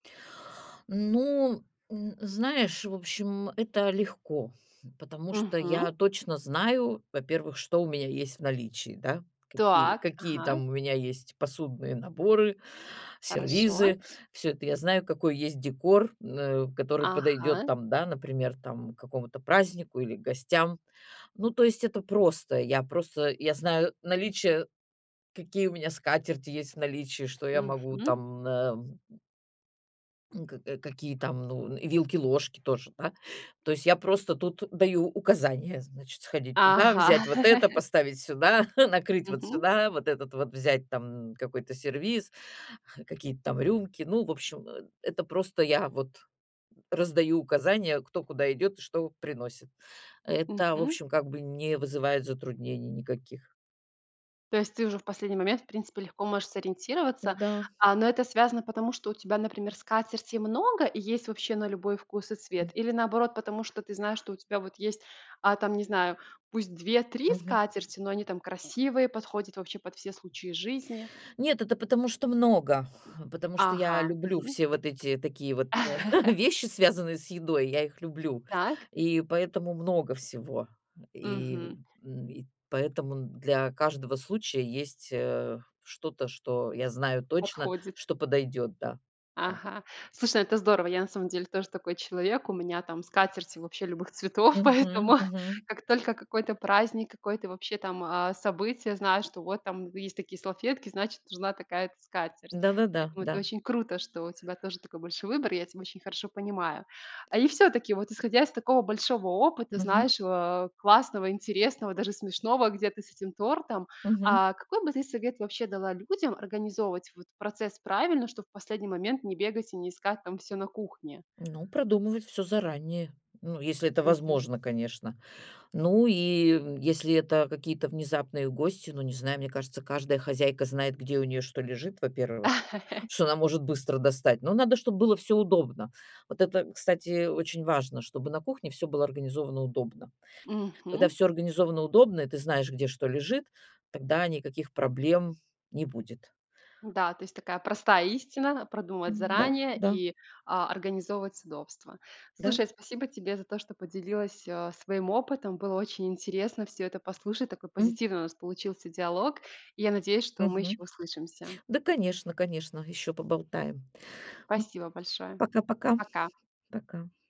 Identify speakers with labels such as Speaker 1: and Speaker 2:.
Speaker 1: Ну, м, знаешь, в общем, это легко, потому что
Speaker 2: Мгм.
Speaker 1: я точно знаю, во-первых, что у меня есть в наличии, да, какие
Speaker 2: Так,
Speaker 1: какие
Speaker 2: ага.
Speaker 1: там у меня есть посудные наборы,
Speaker 2: Хорошо.
Speaker 1: сервизы, всё это я знаю, какой есть декор, м, э, который подойдёт
Speaker 2: Ага.
Speaker 1: там, да, например, там к какому-то празднику или гостям. Ну, то есть это просто. Я просто я знаю наличие, какие у меня скатерти есть в наличии, что я могу
Speaker 2: Мгм.
Speaker 1: там, м, э М, э, к какие там, ну, вилки-ложки тоже, да. То есть я просто тут даю указания, значит, сходить туда,
Speaker 2: Ага.
Speaker 1: взять вот это, поставить сюда, накрыть вот
Speaker 2: Мгм.
Speaker 1: сюда, вот этот вот взять там какой-то сервиз, какие-то там рюмки. Ну, в общем, э, это просто я вот раздаю указания, кто куда идёт и что приносит. Это, в
Speaker 2: Мгм.
Speaker 1: общем, как бы не вызывает затруднений никаких.
Speaker 2: То есть ты уже в последний момент в принципе легко можешь сориентироваться.
Speaker 1: Да.
Speaker 2: А, но это связано, потому что у тебя, например, скатертей много и есть вообще на любой вкус и цвет?
Speaker 1: М.
Speaker 2: Или наоборот, потому что ты знаешь, что у тебя вот есть, а, там, не знаю, пусть 2-3
Speaker 1: Мгм.
Speaker 2: скатерти, но они там красивые, подходят вообще под все случаи жизни?
Speaker 1: Нет, это потому что много, потому что
Speaker 2: Ага.
Speaker 1: я люблю
Speaker 2: Мгм.
Speaker 1: все вот эти такие вот вещи, связанные с едой. Я их люблю,
Speaker 2: Так.
Speaker 1: и поэтому много всего. И,
Speaker 2: Мгм.
Speaker 1: м, и поэтому н для каждого случая есть, э, что-то, что я знаю точно,
Speaker 2: Подходит.
Speaker 1: что подойдёт, да, да.
Speaker 2: Ага. Слушай, ну, это здорово, я на самом деле тоже такой человек, у меня там скатерти вообще любых цветов,
Speaker 1: Мгм,
Speaker 2: поэтому
Speaker 1: мгм.
Speaker 2: как только какой-то праздник, какое-то вообще там, а, событие, знаю, что вот там есть такие салфетки, значит, нужна такая-то скатерть.
Speaker 1: Да-да-да,
Speaker 2: Поэтому это
Speaker 1: да.
Speaker 2: очень круто, что у тебя тоже такой большой выбор, я тебя очень хорошо понимаю. А, и всё-таки, вот исходя из такого большого опыта,
Speaker 1: Мгм.
Speaker 2: знаешь, а, классного, интересного, даже смешного, где-то с этим тортом,
Speaker 1: Мгм.
Speaker 2: а, какой бы ты совет вообще дала людям организовывать вот процесс правильно, чтоб в последний момент не бегать и не искать там всё на кухне?
Speaker 1: Ну, продумывать всё заранее, ну, если это
Speaker 2: Мгм.
Speaker 1: возможно, конечно. Ну, и если это какие-то внезапные гости, ну, не знаю, мне кажется, каждая хозяйка знает, где у нее что лежит, во-первых, что она может быстро достать. Но надо, чтоб было всё удобно. Вот это, кстати, очень важно, чтобы на кухне всё было организовано удобно. Когда
Speaker 2: Мгм.
Speaker 1: всё организовано удобно и ты знаешь, где что лежит, тогда никаких проблем не будет.
Speaker 2: Да, то есть такая простая истина: продумывать
Speaker 1: М, да,
Speaker 2: заранее
Speaker 1: да.
Speaker 2: и, а, организовывать удобство.
Speaker 1: Да.
Speaker 2: Слушай, спасибо тебе за то, что поделилась, а, своим опытом. Было очень интересно всё это послушать. Такой
Speaker 1: М.
Speaker 2: позитивный у нас получился диалог. И я надеюсь, что мы ещё
Speaker 1: Мгм.
Speaker 2: услышимся.
Speaker 1: Да, конечно, конечно, ещё поболтаем. М
Speaker 2: Спасибо большое.
Speaker 1: Пока-пока.
Speaker 2: Пока.
Speaker 1: Пока.